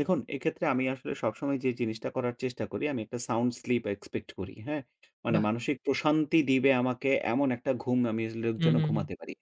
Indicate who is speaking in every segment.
Speaker 1: দেখুন, এক্ষেত্রে আমি আসলে সবসময় যে জিনিসটা করার চেষ্টা করি। আমি একটা sound sleep expect করি। হ্যাঁ? মানে
Speaker 2: বাহ!
Speaker 1: মানসিক প্রশান্তি দিবে আমাকে এমন একটা ঘুম আমি as like
Speaker 2: হু,
Speaker 1: যেন
Speaker 2: হু, হু।
Speaker 1: ঘুমাতে পারি।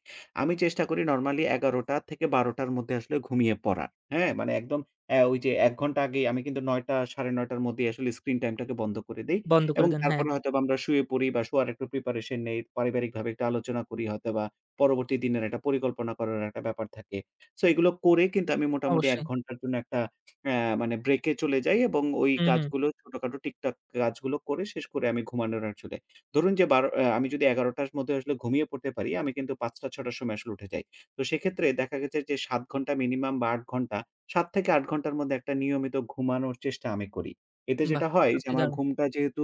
Speaker 1: আমি চেষ্টা করি নরমালি ১১ঃ০০ টা থেকে ১২ঃ০০ টার মধ্যে আসলে ঘুমিয়ে পড়ার। হ্যাঁ? মানে একদম অ্যা ওই যে ১ ঘন্টা আগেই আমি কিন্তু ৯ঃ০০ টা ৯ঃ৩০ টার মধ্যেই আসলে স্ক্রিন টাইমটাকে বন্ধ করে দেই।
Speaker 2: বন্ধ করে
Speaker 1: এবং
Speaker 2: দেন। হ্যাঁ।
Speaker 1: তারপরে হয়তোবা আমরা শুয়ে পড়ি বা শোয়ার একটু প্রিপারেশন নেই। পারিবারিক ভাবে একটু আলোচনা করি হয়তো বা পরবর্তী দিনের একটা পরিকল্পনা করার একটা ব্যাপার থাকে। সো এইগুলো করে কিন্তু আমি মোটামুটি ১
Speaker 2: অবশ্যই।
Speaker 1: ঘন্টার জন্য একটা অ্যা মানে ব্রেক চলে যাই। এবং ওই
Speaker 2: হুম, হুম।
Speaker 1: কাজগুলো ছোটখাটো টিকটাক কাজগুলো করে শেষ করে আমি ঘুমানোর আসলে। ধরুন, যে ১২ঃ০০ অ্যা আমি যদি ১১ঃ০০ টার মধ্যে আসলে ঘুমিয়ে পড়তে পারি আমি কিন্তু ৫ঃ০০ টা ৬ঃ০০ টার সময় আসলে উঠে যাই। তো সেক্ষেত্রে দেখা গেছে যে ৭ ঘন্টা minimum বা ৮ ঘন্টা, ৭ থেকে ৮ ঘন্টার মধ্যে একটা নিয়মিত ঘুমানোর চেষ্টা আমি করি। এতে
Speaker 2: বাহ!
Speaker 1: যেটা হয় যে
Speaker 2: সত্যি
Speaker 1: আমার
Speaker 2: দারুণ।
Speaker 1: ঘুমটা যেহেতু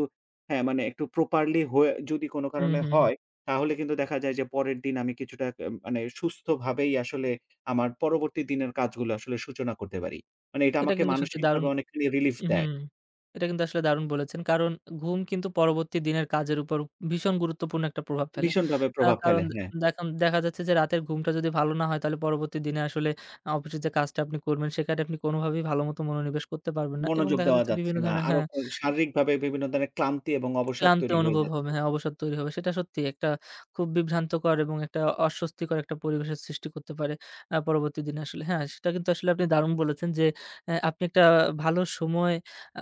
Speaker 1: হ্যাঁ, মানে একটু properly হয়ে যদি কোন
Speaker 2: হু,
Speaker 1: কারণে
Speaker 2: হু, হু।
Speaker 1: হয়। তাহলে কিন্তু দেখা যায় যে পরের দিন আমি কিছুটা কে মানে সুস্থভাবেই আসলে আমার পরবর্তী দিনের কাজগুলো আসলে সূচনা করতে পারি। মানে এটা
Speaker 2: এটা
Speaker 1: আমাকে
Speaker 2: কিন্তু সত্যি দারুন
Speaker 1: মানসিকভাবে অনেকখানি relief
Speaker 2: উহু
Speaker 1: দেয়।
Speaker 2: এটা কিন্তু আসলে দারুণ বলেছেন! কারণ, ঘুম কিন্তু পরবর্তী দিনের কাজের উপর ভীষণ গুরুত্বপূর্ণ একটা প্রভাব ফেলে।
Speaker 1: ভীষণভাবে
Speaker 2: আ
Speaker 1: প্রভাব ফেলে।
Speaker 2: কারণ
Speaker 1: হ্যাঁ।
Speaker 2: অ্যা দেখুন দেখা যাচ্ছে যে রাতের ঘুমটা যদি ভালো না হয়। তাহলে পরবর্তী দিনে আসলে আ অফিসে যে কাজটা আপনি করবেন সেখানে আপনি কোনোভাবেই ভালো মত মনোনিবেশ করতে পারবেন না। এবং
Speaker 1: মনোযোগ
Speaker 2: দেখা
Speaker 1: দেওয়া
Speaker 2: যাচ্ছে
Speaker 1: যাচ্ছে
Speaker 2: বিভিন্ন
Speaker 1: না।
Speaker 2: ধরনের
Speaker 1: আরো
Speaker 2: হ্যাঁ
Speaker 1: ক শারীরিকভাবে বিভিন্ন ধরনের ক্লান্তি এবং অবসাদ
Speaker 2: ক্লান্ত
Speaker 1: তৈরি হয়ে
Speaker 2: অনুভব
Speaker 1: যাচ্ছে।
Speaker 2: হবে, হ্যাঁ অবসাদ তৈরি হবে। সেটা সত্যি একটা খুব বিভ্রান্তকর এবং একটা অস্বস্তিকর একটা পরিবেশের সৃষ্টি করতে পারে, অ্যা পরবর্তী দিনে আসলে হ্যাঁ, সেটা কিন্তু আসলে আপনি দারুণ বলেছেন, যে অ্যা আপনি একটা ভালো সময়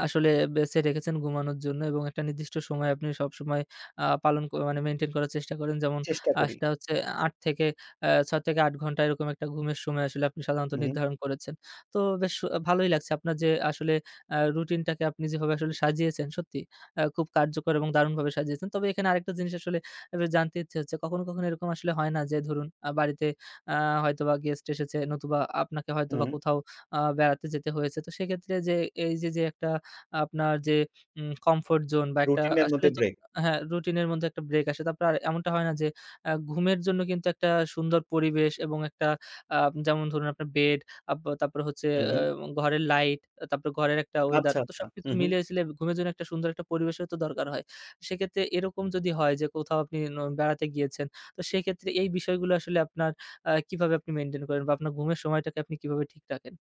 Speaker 2: আসলে বেছে রেখেছেন ঘুমানোর জন্য। এবং একটা নির্দিষ্ট সময় আপনি সবসময় আ পালন করা মানে মেইনটেইন করার চেষ্টা করেন। যেমন
Speaker 1: চেষ্টা
Speaker 2: আ
Speaker 1: করি।
Speaker 2: সেটা হচ্ছে ৮ থেকে অ্যা ৬ থেকে ৮ ঘন্টা এরকম একটা ঘুমের সময় আসলে আপনি সাধারণত
Speaker 1: উহু।
Speaker 2: নির্ধারণ করেছেন। তো বেশ অ ভালোই লাগছে আপনার যে আসলে আ রুটিনটাকে আপনি যেভাবে আসলে সাজিয়েছেন। সত্যি, অ্যা খুব কার্যকর এবং দারুণভাবে সাজিয়েছেন। তবে এখানে আরেকটা জিনিস আসলে একটু জানতে ইচ্ছে হচ্ছে, কখনো, কখনো এরকম আসলে হয় না? যে ধরুন, আ বাড়িতে আ হয়তোবা গেস্ট এসেছে। নতুবা আপনাকে হয়তোবা
Speaker 1: উহু।
Speaker 2: কোথাও আ বেড়াতে যেতে হয়েছে। তো সেক্ষেত্রে যে, এই যে, যে একটা আপনার যে উম comfort zone বা একটা
Speaker 1: রুটিনের মধ্যে
Speaker 2: আসলেই তো
Speaker 1: ব্রেক।
Speaker 2: হ্যাঁ, রুটিন এর মধ্যে একটা ব্রেক আসে। তারপর আর এমনটা হয় না যে অ্যা ঘুমের জন্য কিন্তু একটা সুন্দর পরিবেশ। এবং একটা আ যেমন ধরুন আপনার বেড, আপ তারপরে হচ্ছে
Speaker 1: হু, হু।
Speaker 2: অ্যা ঘরের লাইট, অ্যা তারপর ঘরের একটা ওয়েদার।
Speaker 1: আচ্ছা,
Speaker 2: তো,
Speaker 1: আচ্ছা।
Speaker 2: সবকিছু
Speaker 1: উহু।
Speaker 2: মিলিয়ে-ঝিলিয়ে ঘুমের জন্য একটা সুন্দর একটা পরিবেশের তো দরকার হয়। সেক্ষেত্রে এরকম যদি হয়, যে কোথাও আপনি ন বেড়াতে গিয়েছেন। তো, সেক্ষেত্রে এই বিষয়গুলো আসলে আপনার আ কিভাবে আপনি মেইনটেইন করেন? বা আপনার ঘুমের সময়টাকে আপনি কিভাবে ঠিক রাখেন?